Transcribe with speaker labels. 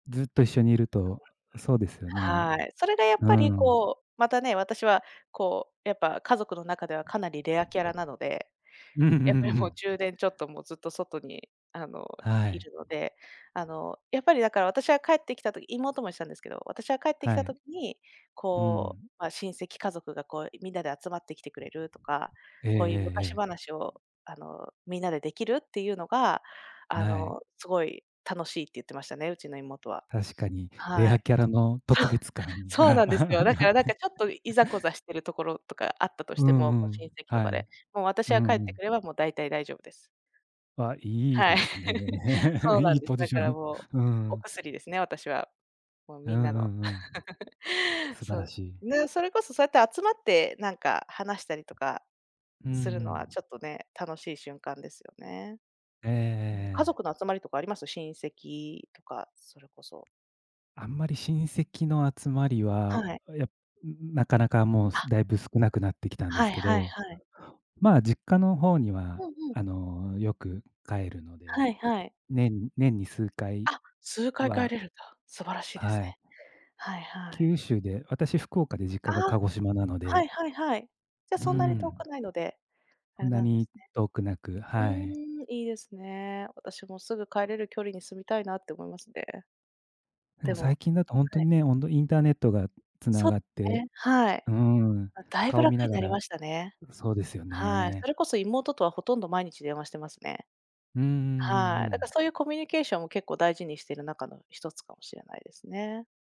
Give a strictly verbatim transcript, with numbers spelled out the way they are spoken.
Speaker 1: ずっと一緒にいると、そうですよね。
Speaker 2: はい。それでやっ
Speaker 1: う
Speaker 2: ぱり、
Speaker 1: ーん。
Speaker 2: こう、またね、私は、こう、やっぱ、家族の中ではかなりレアキャラなので。
Speaker 1: うんうんう
Speaker 2: やっぱりもう
Speaker 1: ん。
Speaker 2: じゅうねんちょっともうずっと外に、あの、
Speaker 1: は
Speaker 2: い
Speaker 1: い。
Speaker 2: るので。あの、やっぱり、だから私は帰ってきた時妹も言ってたんですけど、私は帰ってき
Speaker 1: は
Speaker 2: た
Speaker 1: い。
Speaker 2: 時に、
Speaker 1: う
Speaker 2: こう、
Speaker 1: ん。
Speaker 2: まあ、親戚家族がこうみんなで集まってきてくれるとか、
Speaker 1: ええええ
Speaker 2: こういう
Speaker 1: え
Speaker 2: 昔
Speaker 1: え。
Speaker 2: 話を、あのみんなでできるっていうのが、あ
Speaker 1: な
Speaker 2: の
Speaker 1: い。
Speaker 2: すごい楽しいって言ってましたね、うちの妹は。
Speaker 1: 確かに、レ
Speaker 2: は
Speaker 1: ア
Speaker 2: い。
Speaker 1: キャラの特 別感
Speaker 2: そう
Speaker 1: が
Speaker 2: なんですよ。だ
Speaker 1: あ
Speaker 2: か
Speaker 1: っ
Speaker 2: ら、なん
Speaker 1: て。
Speaker 2: か、ちょっといざこざしているところとかあったとし
Speaker 1: う
Speaker 2: て
Speaker 1: んう
Speaker 2: も、こう、親
Speaker 1: ん。
Speaker 2: 戚と
Speaker 1: は
Speaker 2: か
Speaker 1: い。
Speaker 2: で。もう私
Speaker 1: うんう
Speaker 2: が帰ってく
Speaker 1: ん。
Speaker 2: れば、もう大体大丈夫です。
Speaker 1: わ、良い
Speaker 2: はい。
Speaker 1: ですね。
Speaker 2: そう
Speaker 1: 良
Speaker 2: なん
Speaker 1: い
Speaker 2: です。
Speaker 1: ポジ
Speaker 2: だ
Speaker 1: シ
Speaker 2: か
Speaker 1: ョ
Speaker 2: ら、
Speaker 1: ン。
Speaker 2: もう、
Speaker 1: うー
Speaker 2: お
Speaker 1: ん。
Speaker 2: 薬ですね、私は。もう、
Speaker 1: うん
Speaker 2: みんなの。
Speaker 1: うんうん。素晴
Speaker 2: そ
Speaker 1: ら
Speaker 2: う、
Speaker 1: しい。
Speaker 2: ね、それこそ、そうやって集まってなんか話したりとか
Speaker 1: うんう
Speaker 2: するのは、
Speaker 1: ん。
Speaker 2: ちょっとね、楽しい瞬間ですよね。
Speaker 1: ええ、え
Speaker 2: うん。家
Speaker 1: ええ。
Speaker 2: 族の集まりとかあります？親戚とか、それこそ。
Speaker 1: あんまり親戚の集まり
Speaker 2: は
Speaker 1: は、
Speaker 2: い。
Speaker 1: や、中々もうす
Speaker 2: あ。
Speaker 1: だいぶ少なくなってきたんで
Speaker 2: は
Speaker 1: す
Speaker 2: い
Speaker 1: け
Speaker 2: はい
Speaker 1: ど。
Speaker 2: はい。
Speaker 1: まあ、実家の方に
Speaker 2: う
Speaker 1: は、
Speaker 2: んうん。
Speaker 1: あの、よく帰るので、
Speaker 2: はいはい。
Speaker 1: 年年に数回
Speaker 2: あ、数回帰
Speaker 1: は。
Speaker 2: れるんだ。素晴らしいです
Speaker 1: はい。
Speaker 2: ね。はいはい。
Speaker 1: 九州で、私福岡で、実
Speaker 2: あ
Speaker 1: 家が
Speaker 2: あ、
Speaker 1: 鹿児島なの
Speaker 2: はい
Speaker 1: で。
Speaker 2: はいはい。じゃ
Speaker 1: うー
Speaker 2: そんなに遠く
Speaker 1: ん。
Speaker 2: ないので、あ
Speaker 1: そん
Speaker 2: れ
Speaker 1: な
Speaker 2: なんですね。
Speaker 1: に遠くなく、
Speaker 2: うー
Speaker 1: はい。
Speaker 2: ん。いいですね。私もすぐ帰れる距離に住みたいなって思いますね。
Speaker 1: で
Speaker 2: で
Speaker 1: も最
Speaker 2: も
Speaker 1: 近だとほん
Speaker 2: は
Speaker 1: と
Speaker 2: い。
Speaker 1: にね、ほんとンターネットが繋
Speaker 2: そ
Speaker 1: がっ
Speaker 2: う
Speaker 1: て。
Speaker 2: ね、はい。
Speaker 1: うーん、
Speaker 2: ま、だいぶ
Speaker 1: 顔見
Speaker 2: 楽
Speaker 1: な
Speaker 2: に
Speaker 1: が
Speaker 2: なり
Speaker 1: ら
Speaker 2: ましたね。
Speaker 1: そうですよ
Speaker 2: はい、
Speaker 1: ね。
Speaker 2: それこそ妹とは、ほとんど毎日電話してますね。
Speaker 1: うんうんうんう
Speaker 2: はい、だから
Speaker 1: ん。
Speaker 2: そういうコミュニケーションを結構大事にしている中のひとつかもしれないですね。